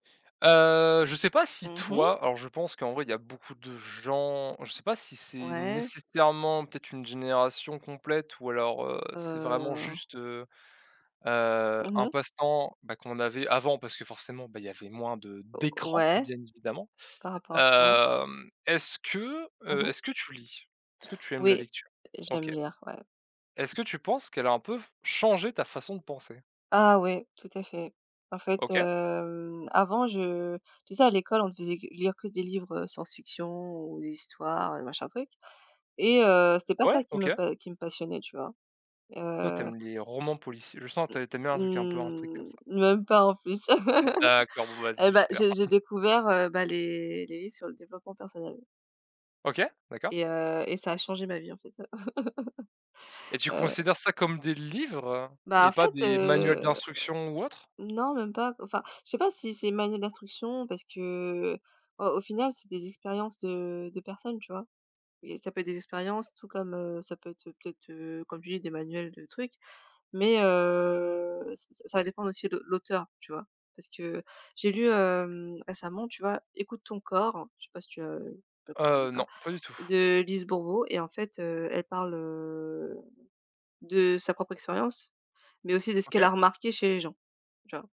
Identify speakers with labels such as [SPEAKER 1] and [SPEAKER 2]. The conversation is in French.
[SPEAKER 1] Heu, je sais pas si
[SPEAKER 2] Mmh mh.
[SPEAKER 1] toi alors, je pense qu'en vrai, il y a beaucoup de gens, je sais pas si c'est
[SPEAKER 2] Ouais.
[SPEAKER 1] nécessairement peut-être une génération complète ou alors, heu, c'est vraiment
[SPEAKER 2] Heu.
[SPEAKER 1] juste, heu heu,
[SPEAKER 2] Mmh
[SPEAKER 1] un
[SPEAKER 2] mh.
[SPEAKER 1] passe-temps, bah, qu'on avait avant parce que forcément, bah, il y avait moins de
[SPEAKER 2] Ou
[SPEAKER 1] d'écrans,
[SPEAKER 2] ouais
[SPEAKER 1] bien évidemment.
[SPEAKER 2] par rapport à quoi?
[SPEAKER 1] Hem, est-ce que,
[SPEAKER 2] Mmh
[SPEAKER 1] heu,
[SPEAKER 2] mh.
[SPEAKER 1] est-ce que tu lis? Est-ce que tu aimes la
[SPEAKER 2] Oui,
[SPEAKER 1] lecture?
[SPEAKER 2] j'aime
[SPEAKER 1] OK.
[SPEAKER 2] lire, ouais.
[SPEAKER 1] Est-ce que tu penses qu'elle a un peu changé ta façon de penser?
[SPEAKER 2] Ah oui, tout à fait. En fait,
[SPEAKER 1] OK
[SPEAKER 2] hem, avant, je tu sais, à l'école, on te faisait que lire que des livres, heu, science-fiction ou des histoires, heu, machin truc et heu, c'était pas
[SPEAKER 1] Ouais,
[SPEAKER 2] ça qui me
[SPEAKER 1] OK.
[SPEAKER 2] pa qui me passionnait, tu vois?
[SPEAKER 1] Toi, tu
[SPEAKER 2] Heu
[SPEAKER 1] aimes les romans policiers, je sens
[SPEAKER 2] Mmh,
[SPEAKER 1] tu ai tu aimes bien un truc un peu intrigue comme ça.
[SPEAKER 2] mmh, même pas en plus.
[SPEAKER 1] D'accord. Bon, vas-y,
[SPEAKER 2] Heu,
[SPEAKER 1] c'est
[SPEAKER 2] bah,
[SPEAKER 1] super.
[SPEAKER 2] j'ai j'ai découvert, heu, bah les les livres sur le développement personnel
[SPEAKER 1] OK, d'accord.
[SPEAKER 2] et heu, et ça a changé ma vie, en fait, ça.
[SPEAKER 1] Et tu
[SPEAKER 2] Heu
[SPEAKER 1] considères ça comme des livres
[SPEAKER 2] Bah,
[SPEAKER 1] et
[SPEAKER 2] en
[SPEAKER 1] pas
[SPEAKER 2] fait,
[SPEAKER 1] des manuels
[SPEAKER 2] heu,
[SPEAKER 1] d'instruction ou autres?
[SPEAKER 2] non, même pas. Enfin, je sais pas si c'est manuel d'instruction parce que, au au final, c'est des expériences de de personnes, tu vois? Et ça peut être des expériences, tout comme, heu, ça peut être peut-être, heu, comme tu dis, des manuels de trucs, mais, heu, ça ça dépend aussi de l'auteur, tu vois? Parce que j'ai lu, hem, récemment, tu vois? Ecoute ton corps, je sais pas si tu as [unintelligible] tu lis
[SPEAKER 1] Heu,
[SPEAKER 2] pas,
[SPEAKER 1] non, pas du tout.
[SPEAKER 2] de Lise Bourbeau et en fait, heu, elle parle, heu, de sa propre expérience, mais aussi de ce qu'elle a
[SPEAKER 1] OK.
[SPEAKER 2] remarqué chez les gens, tu vois?